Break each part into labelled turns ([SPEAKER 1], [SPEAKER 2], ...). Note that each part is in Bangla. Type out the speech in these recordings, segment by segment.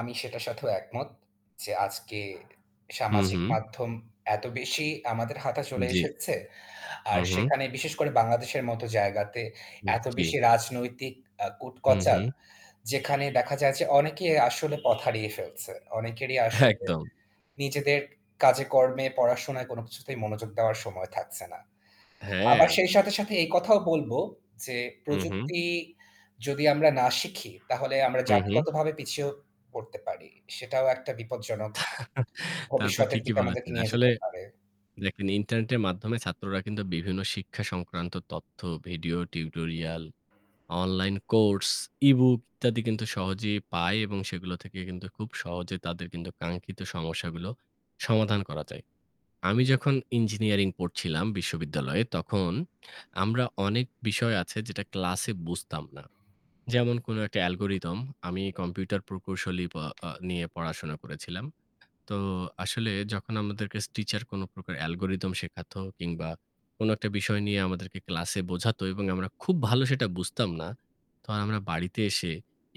[SPEAKER 1] আমি সেটার সাথেও একমত যে আজকে
[SPEAKER 2] হুঁ
[SPEAKER 1] সামাজিক
[SPEAKER 2] হুঁ।
[SPEAKER 1] মাধ্যম এত বেশি আমাদের হাতে চলে
[SPEAKER 2] জ্বি।
[SPEAKER 1] এসেছে। আর
[SPEAKER 2] হুঁ, হুঁ।
[SPEAKER 1] সেখানে বিশেষ করে বাংলাদেশের মতো জায়গাতে এত
[SPEAKER 2] জ্বী।
[SPEAKER 1] বেশি রাজনৈতিক আ
[SPEAKER 2] হু,
[SPEAKER 1] কুটচাল
[SPEAKER 2] হু।
[SPEAKER 1] যেখানে দেখা যায় যে অনেকেই আসলে পথ হারিয়ে ফেলছে। অনেকেরই আসলে
[SPEAKER 2] একদম।
[SPEAKER 1] নিজেদের কাজে কর্মে পড়াশোনায় কোন কিছুতেই মনোযোগ দেওয়ার সময় থাকছে না। আবার
[SPEAKER 2] হ্যাঁ।
[SPEAKER 1] সেই সাথে, সাথে, এই কথাও বলবো যে
[SPEAKER 2] হুঁ, হুঁ।
[SPEAKER 1] প্রযুক্তি যদি আমরা না শিখি তাহলে আমরা
[SPEAKER 2] হু, হু।
[SPEAKER 1] জাতিগতভাবে পিছিয়েও পড়তে পারি। সেটাও একটা বিপজ্জনক
[SPEAKER 2] তা তো
[SPEAKER 1] ভবিষ্যতের
[SPEAKER 2] ঠিকই
[SPEAKER 1] দিকে আমাদেরকে
[SPEAKER 2] বলেছেন।
[SPEAKER 1] নিয়ে
[SPEAKER 2] আসলে
[SPEAKER 1] যেতে পারে।
[SPEAKER 2] দেখেন ইন্টারনেটের মাধ্যমে ছাত্ররা কিন্তু বিভিন্ন শিক্ষা সংক্রান্ত তথ্য, video, tutorial, online course, ebook ইত্যাদি কিন্তু সহজেই পায় এবং সেগুলো থেকে কিন্তু খুব সহজে তাদের কিন্তু কাঙ্ক্ষিত সমস্যাগুলো সমাধান করা যায়। আমি যখন ইঞ্জিনিয়ারিং পড়ছিলাম বিশ্ববিদ্যালয়ে তখন আমরা অনেক বিষয় আছে যেটা ক্লাসে বুঝতাম না। যেমন কোনো একটা অ্যালগরিথম আমি কম্পিউটার প্রকৌশলী প আ নিয়ে পড়াশোনা করেছিলাম। তো আসলে যখন আমাদেরকে স টিচার কোন প্রকার অ্যালগরিথম শেখাতো কিংবা কোনো একটা বিষয় নিয়ে আমাদেরকে ক্লাসে বোঝাতো এবং আমরা খুব ভালো সেটা বুঝতাম না। তো আমরা বাড়িতে এসে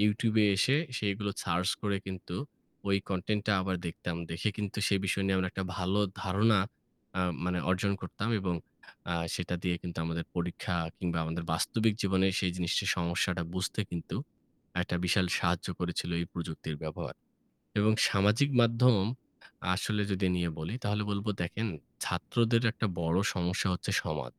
[SPEAKER 2] YouTube এ এসে সেগুলো সার্চ করে কিন্তু ওই কনটেন্টটা আবার দেখতাম। দেখে কিন্তু সেই বিষয় নিয়ে আমরা একটা ভালো ধারণা আ মানে অর্জন করতাম এবং আ সেটা দিয়ে কিন্তু আমাদের পরীক্ষা কিংবা আমাদের বাস্তবিক জীবনে সেই জিনিসের সমস্যাটা বুঝতে কিন্তু একটা বিশাল সাহায্য করেছিল এই প্রযুক্তির ব্যবহার। এবং সামাজিক মাধ্যম আসলে যদি নিয়ে বলি তাহলে বলব দেখেন ছাত্রদের একটা বড় সমস্যা হচ্ছে সমাজ।